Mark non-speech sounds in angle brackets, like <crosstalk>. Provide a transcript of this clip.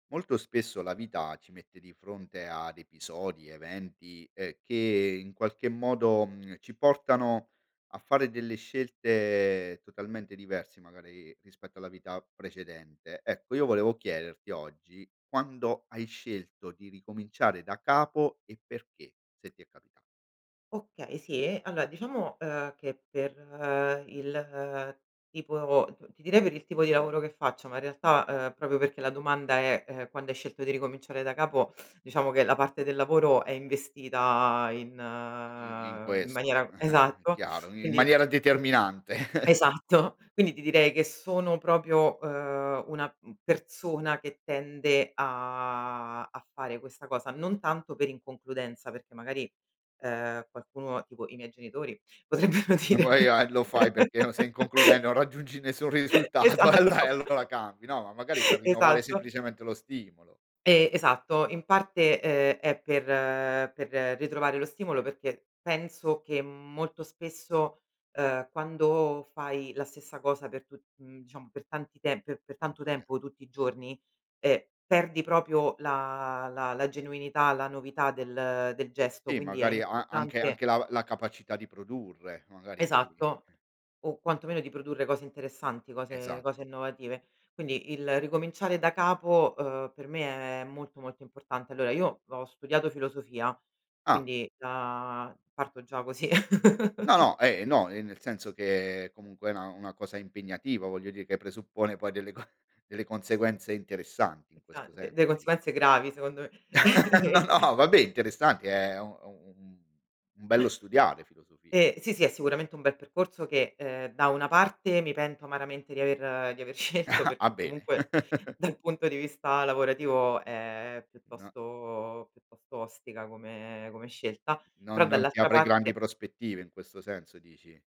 Molto spesso la vita ci mette di fronte ad episodi, eventi, ehm, che in qualche modo, mhmm, ci portano a fare delle scelte totalmente diversi magari rispetto alla vita precedente. Ecco, io volevo chiederti oggi quando hai scelto di ricominciare da capo e perché, se ti è capita Okay, sì, e allora diciamo, ehm, che per il tipo t ti direi per il tipo di lavoro che faccio, ma in realtà, ehm, proprio perché la domanda è, ehm, quando hai scelto di ricominciare da capo, diciamo che la parte del lavoro è investita in I i in in questo, maniera <chuckles> esatto, chiaro, in quindi maniera determinante. <chuckles> Esatto, quindi ti direi che sono proprio, ehm, una, uhm, persona che tende a a fare questa cosa, non tanto per inconcludenza, perché magari, ehm, qualcuno tipo i miei genitori potrebbero dire Guai a lo fai perché no sei <laughs> inconcluden non raggiungi nessun <chuckles> risultato e allo Esatto. e <chuckles> allora cambi, no ma magari per rinnovare Esatto. semplicemente lo stimolo. E esatto. In parte, uhm, è per per ritrovare lo stimolo, perché penso che molto spesso, uhm, quando fai la stessa cosa per tu uhm, diciamo per tanti te pe per tanto Quanto tem tempo tutti i giorni, ehm, perdi proprio la la la genuinità, la novità del del gesto, Sì, quindi è magari ha anche importante anche la la capacità di produrre, magari di Esatto. O quantomeno di produrre cose interessanti, cose cose Esatto. innovative. Quindi il ricominciare da capo, uhm, per me è molto, molto importante. Allora io ho studiato filosofia, Ah. quindi già parto già così. No, <chuckles> no, eh, no, e nel senso che comunque è una una cosa impegnativa voglio di che presuppone poi delle co delle conseguenze interessanti, in Esa questo de de senso dico. conseguenze gravi secondo me. <laughs> <chuckles> No, va beh, interessante è u u un un bello studiare, filosofia. Eh, sì, sì, è sicuramente un bel percorso che, ehm, da una parte mi pento amaramente di aver di aver scelto <chuckles> Ah, perché bene. comunque <chuckles> dal punto di vista lavorativo è No piuttosto piuttosto ostica come come scelta, Non però non ti dall'altra apre grandi parte prospettive, in questo senso dici?